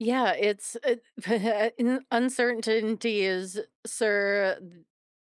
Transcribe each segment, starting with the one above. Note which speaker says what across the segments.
Speaker 1: Yeah, it's uh un uncertainty is, sir uh d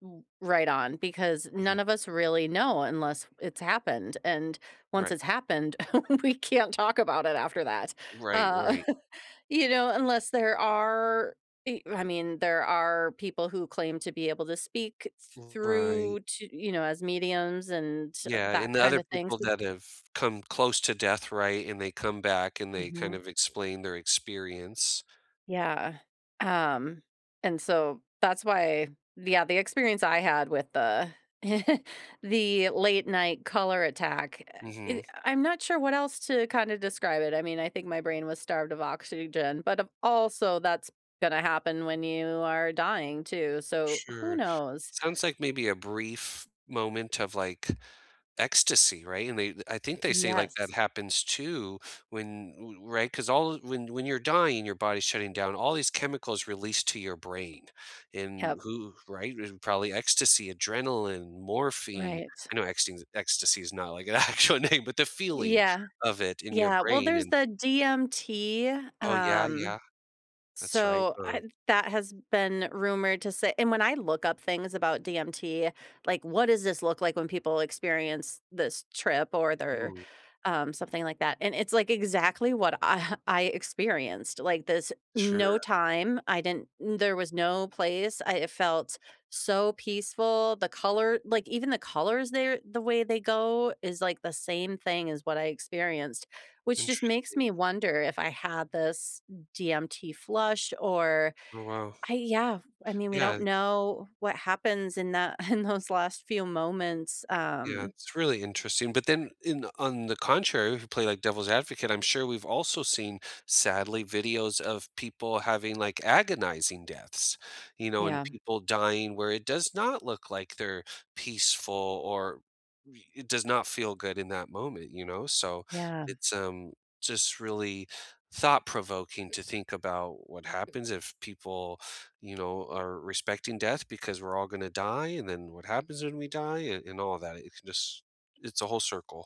Speaker 1: ooh right on because
Speaker 2: Mhm.
Speaker 1: none of us really know unless t it's happened, and once
Speaker 2: Right.
Speaker 1: it's happened, we can't talk about it after that,
Speaker 2: Right,
Speaker 1: uh,
Speaker 2: right.
Speaker 1: you know, unless there are i I mean, there are people who claim to be able to speak thr
Speaker 2: Right.
Speaker 1: through to you know as mediums and t
Speaker 2: Yeah,
Speaker 1: that
Speaker 2: and the
Speaker 1: kind
Speaker 2: other
Speaker 1: of things,
Speaker 2: people
Speaker 1: th th
Speaker 2: that have come close to death, right, and they come back, and they kind
Speaker 1: Mhm.
Speaker 2: of explain their experience.
Speaker 1: Yeah. Um, and so that's why the other the experience I had with the the late night color attack eh e uh
Speaker 2: Mhm.
Speaker 1: I'm not sure what else to kinda describe it, I mean, I think my brain was starved of oxygen, but of also that's gonna happen when you are dying, too, so who
Speaker 2: Sure.
Speaker 1: knows?
Speaker 2: Sounds like maybe a brief moment of, like, ecstasy, right, and they I think they say, like,
Speaker 1: Yes.
Speaker 2: that happens, too, when ooh right, 'cause all when when you're dying, your body's shutting down, all these chemicals release to your brain, and
Speaker 1: Yep.
Speaker 2: who right, and probably ecstasy, adrenaline, morphine
Speaker 1: Right.
Speaker 2: I know ecste ecstasy is not, like, an actual name, but the feeling
Speaker 1: Yeah.
Speaker 2: of it in your
Speaker 1: Yeah, well,
Speaker 2: brain
Speaker 1: there's
Speaker 2: and
Speaker 1: the DMT,
Speaker 2: Oh, yeah,
Speaker 1: um,
Speaker 2: yeah. That's right,
Speaker 1: so
Speaker 2: of
Speaker 1: I that has been rumored to say and when I look up things about DMT, like, what does this look like when people experience this trip or they're,
Speaker 2: Hmm.
Speaker 1: um, something like that and it's, like, exactly what I I experienced, like, this mm no
Speaker 2: Sure.
Speaker 1: time, I didn't there was no place I felt so peaceful, the color like, even the colors there the way they go is, like, the same thing as what I experienced, which just makes
Speaker 2: Interesting.
Speaker 1: me wonder if I had this m DMT flush or
Speaker 2: Oh, wow.
Speaker 1: I yeah, I mean, we don't
Speaker 2: Yeah
Speaker 1: know what happens in that in those last few moments,
Speaker 2: Yeah.
Speaker 1: um
Speaker 2: It's really interesting, but then in on the contrary, if we play, like, devil's advocate, I'm sure we've also seen, sadly, videos of people having, like, agonizing deaths, you know, and
Speaker 1: Yeah.
Speaker 2: people dying where it does not look like they're peaceful or re it does not feel good in that moment, you know, so,
Speaker 1: Yeah.
Speaker 2: it's, um, just really thought-provoking to think about what happens, if people, you know, are respecting death because we're all gonna die, and then what happens when we die, and and all that, it's just it's a whole circle.